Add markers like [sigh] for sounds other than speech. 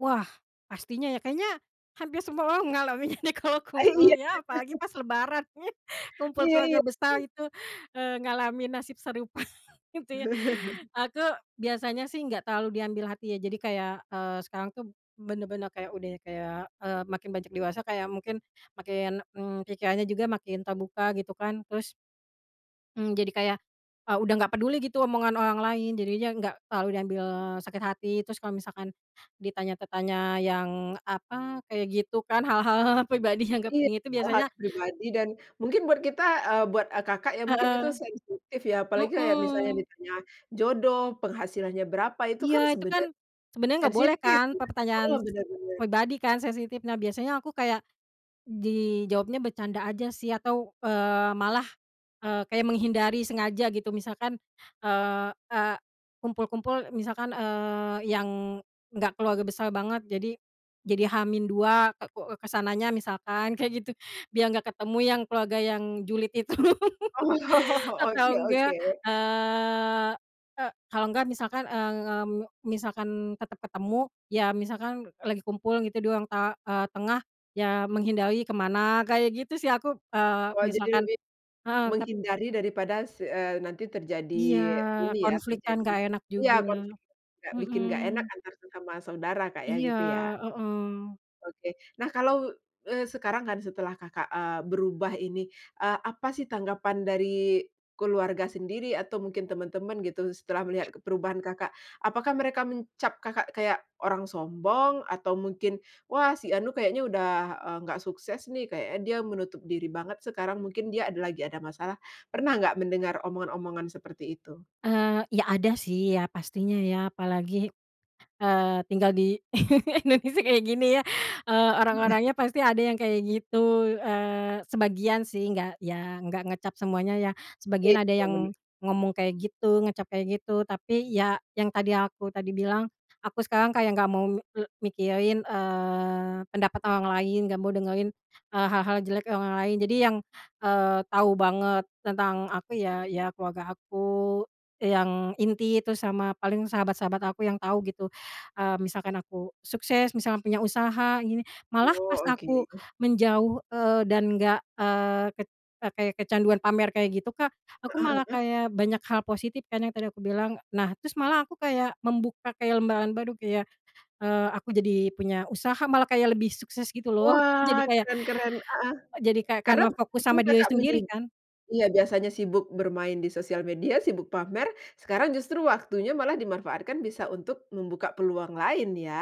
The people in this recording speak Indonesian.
Wah, pastinya ya, kayaknya hampir semua orang ngalamin kalau Aih kumpul iya. ya, apalagi [chuckles] pas Lebaran, [chuckles] kumpul Iya keluarga iya. besar itu, eee, ngalamin nasib serupa gitu ya. [chuckles] Aku biasanya sih nggak terlalu diambil hati ya, jadi kayak, eee, sekarang tuh bener-bener kayak udah kayak, eee, makin beranjak dewasa, kayak mungkin makin, mmm, pikirannya juga makin terbuka gitu kan, terus Mmm, jadi kayak, eee, udah nggak peduli gitu omongan orang lain, jadinya enggak terlalu diambil sakit hati. Terus kalau misalkan ditanya te tanya yang apa, kayak gitu kan, hal-hal pribadi yang nggak Iya, penting itu hal-hal biasanya yang pribadi iya? dan mungkin buat kita eee, buat, eee, Kakak ya, mungkin itu Heeh. sensitif ya? Apalagi kayak misalnya Mhm. ditanya jodoh, penghasilannya berapa, itu Iya, kan itu kan sebenarnya sebenarnya nggak boleh sensitif kan, iya, heeh, pertanyaan s bener bener. pribadi kan, sensitif. Nah, biasanya aku kayak dijawabnya bercanda aja sih, atau, eee, malah, eee, kayak menghindari sengaja gitu. Misalkan, eee eee, kumpul-kumpul misalkan, eee, yang enggak keluarga besar banget, jadi jadi H-2, ka ko eee, ke sananya misalkan, kayak gitu. Biar nggak ketemu yang keluarga yang julid itu. Oh, [laughs] oke Atau oke. enggak, eee eee, kalau enggak misalkan, eee eee, misalkan tetep ketemu, ya misalkan lagi kumpul gitu, di ruang ta eee, tengah. Ya menghindari ke mana kayak gitu sih aku, eee, Wah, jadi misalkan lebih heeh, tap menghindari daripada s eee, nanti terjadi Iya, ini ya, konflik kan terjadi nggak enak iya, juga, konflik juga bikin nggak enak Mhm. antar sesama saudara, Kak, ya, Iya, gitu ya? heeh. Oke, nah kalau, eee, sekarang kan setelah Kakak, eee, berubah ini. Eee, apa sih tanggapan dari keluarga sendiri atau mungkin teman-teman gitu, setelah melihat ke perubahan Kakak? Apakah mereka mencap Kakak kayak orang sombong atau mungkin, wah si anu kayaknya udah, eee, nggak sukses nih, kayaknya dia menutup diri banget sekarang, mungkin dia ada lagi ada masalah. Pernah nggak mendengar omongan-omongan seperti itu? Eee, ya ada sih ya, pastinya ya. Apalagi, eee, tinggal di [chuckles] Indonesia kayak gini ya, eee, Baik, heeh. orang-orangnya pasti ada yang kayak gitu, eee, sebagian sih, enggak ya enggak ngecap semuanya ya, sebagian Itu ada bener. yang ngomong kayak gitu, ngecap kayak gitu. Tapi ya yang tadi, aku tadi bilang, aku sekarang kayak nggak mau me eee, mikirin, eee, pendapat orang lain, nggak mau dengerin, eee, hal-hal jelek orang-orang lain. Jadi yang, eee, tahu banget tentang aku ya ya keluarga aku yang inti itu, sama paling sahabat-sahabat aku yang tahu gitu, eee, misalkan aku sukses, misalnya punya usaha gini. Malah pas Oh, oke. aku menjauh, eee, dan enggak, eee, ket eee, kaya kecanduan pamer kayak gitu, Kak. Aku Heeh malah heeh. kayak banyak hal positif kan, yang tadi aku bilang. E nah, terus malah aku kayak, membuka kayak lembaran baru, kayak, eee, aku jadi punya usaha, malah kayak lebih sukses gitu loh. Jadi Wah, kayak keren keren, heeh, jadi kayak karena karena fokus waktu sama diri Kakak menyin sendiri kan? iya, biasanya sibuk bermain di sosial media, sibuk pamer, sekarang justru waktunya malah dimanfaatkan bisa untuk membuka peluang lain ya?